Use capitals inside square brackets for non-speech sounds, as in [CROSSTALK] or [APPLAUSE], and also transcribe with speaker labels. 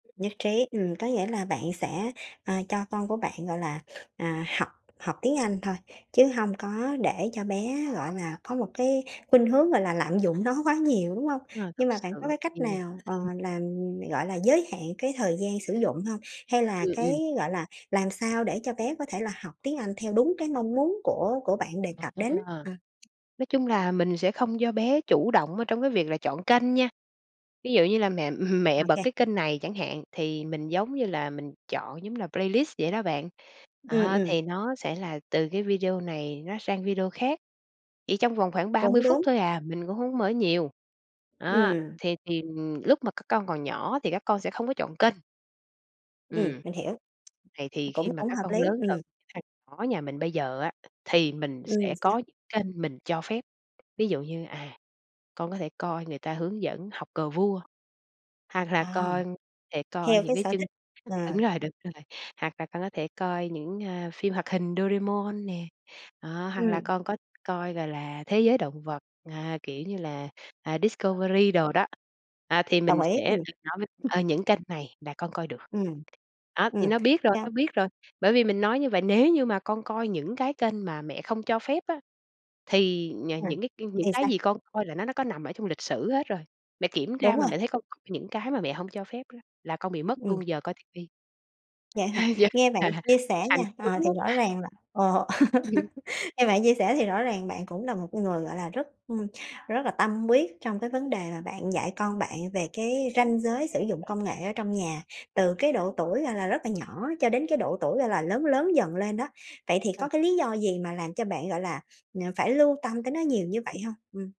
Speaker 1: Nhất trí, ừm, có nghĩa là bạn sẽ, ờ, cho con của bạn, gọi là, à, học học tiếng Anh thôi, chứ hông có để cho bé, gọi là, có một cái khuynh hướng, gọi là, lạm dụng nó quá nhiều, đúng hông?
Speaker 2: À, thực
Speaker 1: Nhưng mà bạn có
Speaker 2: sự
Speaker 1: cái cách
Speaker 2: thì
Speaker 1: nào, ờ,
Speaker 2: ừm.
Speaker 1: làm, gọi là, giới hạn cái thời gian sử dụng hông? Hay là
Speaker 2: Ừ, ừm.
Speaker 1: cái, gọi là, làm sao để cho bé có thể là học tiếng Anh theo đúng cái mong muốn của của bạn đề cập đến?
Speaker 2: À.
Speaker 1: Ờ.
Speaker 2: Nói chung là mình sẽ không cho bé chủ động, ơ, trong cái việc là chọn kênh nha. Ví dụ như là mẹ mẹ
Speaker 1: Ô
Speaker 2: bật
Speaker 1: kê.
Speaker 2: cái kênh này chẳng hạn, thì mình, giống như là, mình chọn, giống là playlist vậy đó bạn.
Speaker 1: Ừm,
Speaker 2: À, thì
Speaker 1: ừm.
Speaker 2: nó sẽ là từ cái video này nó sang video khác, chỉ trong vòng khoảng 30
Speaker 1: Cũng
Speaker 2: phút
Speaker 1: đúng.
Speaker 2: thôi à. Mình cũng hông có mở nhiều. Đó,
Speaker 1: Ừm.
Speaker 2: thì thì, ừm, lúc mà các con còn nhỏ thì các con sẽ không có chọn kênh.
Speaker 1: Ừm,
Speaker 2: Ừm.
Speaker 1: mình hiểu.
Speaker 2: Vậy thì khi
Speaker 1: Cũng
Speaker 2: mà
Speaker 1: cũng
Speaker 2: các
Speaker 1: hợp
Speaker 2: con
Speaker 1: lý,
Speaker 2: lớn, cái
Speaker 1: ừm.
Speaker 2: thằng nhỏ nhà mình bây giờ á, thì mình
Speaker 1: Ừm,
Speaker 2: sẽ
Speaker 1: sao?
Speaker 2: có những kênh mình cho phép. Ví dụ như, à, con có thể coi người ta hướng dẫn học cờ vua, hoặc là
Speaker 1: À,
Speaker 2: con thể coi
Speaker 1: theo
Speaker 2: những
Speaker 1: cái
Speaker 2: cái
Speaker 1: sở
Speaker 2: chưng
Speaker 1: thích, ờ.
Speaker 2: đúng rồi, đúng rồi, hoặc là con có thể coi những, a, phim hoạt hình Doraemon nè, đó, hoặc là
Speaker 1: Ừm.
Speaker 2: con có coi, gọi là, thế giới động vật, à, kiểu như là, à, Discovery đồ đó. À, thì mình
Speaker 1: Đồng ý,
Speaker 2: sẽ
Speaker 1: ừm.
Speaker 2: [UNINTELLIGIBLE] nói với,
Speaker 1: [UNINTELLIGIBLE]
Speaker 2: ờ, những kênh này là con coi được.
Speaker 1: Ừm,
Speaker 2: Đó, thì
Speaker 1: ừm,
Speaker 2: nó biết rồi,
Speaker 1: cao
Speaker 2: nó biết rồi. Bởi vì mình nói như vậy, "Nếu như mà con coi những cái kênh mà mẹ không cho phép á, thì nh
Speaker 1: À,
Speaker 2: những cái những
Speaker 1: thì
Speaker 2: cái
Speaker 1: sao?
Speaker 2: gì con coi là nó nó có nằm ở trong lịch sử hết rồi. Mẹ kiểm tra
Speaker 1: Đúng
Speaker 2: mà
Speaker 1: rồi.
Speaker 2: mẹ thấy con coi những cái mà mẹ hổng cho phép đó là con bị mất
Speaker 1: Ừm.
Speaker 2: luôn giờ coi ti vi."
Speaker 1: Vậy hả?
Speaker 2: [CHUCKLES]
Speaker 1: Nghe bạn chia sẻ
Speaker 2: Phải
Speaker 1: nha, ờ,
Speaker 2: cứng
Speaker 1: thì
Speaker 2: lắm.
Speaker 1: rõ
Speaker 2: [CHUCKLES]
Speaker 1: ràng là ờ,
Speaker 2: [CHUCKLES]
Speaker 1: [LAUGHS] nghe bạn chia sẻ thì rõ ràng bạn cũng là một con người, gọi là, rất, ưm, rất là tâm quyết trong cái vấn đề mà bạn dạy con bạn về cái ranh giới sử dụng công nghệ ở trong nhà, từ cái độ tuổi, gọi là, rất là nhỏ, cho đến cái độ tuổi, gọi là, lớn lớn dần lên đó. Vậy thì
Speaker 2: Ờ.
Speaker 1: có cái lý do gì mà làm cho bạn, gọi là, ờ, phải lưu tâm tới nó nhiều như vậy hông? Ừm.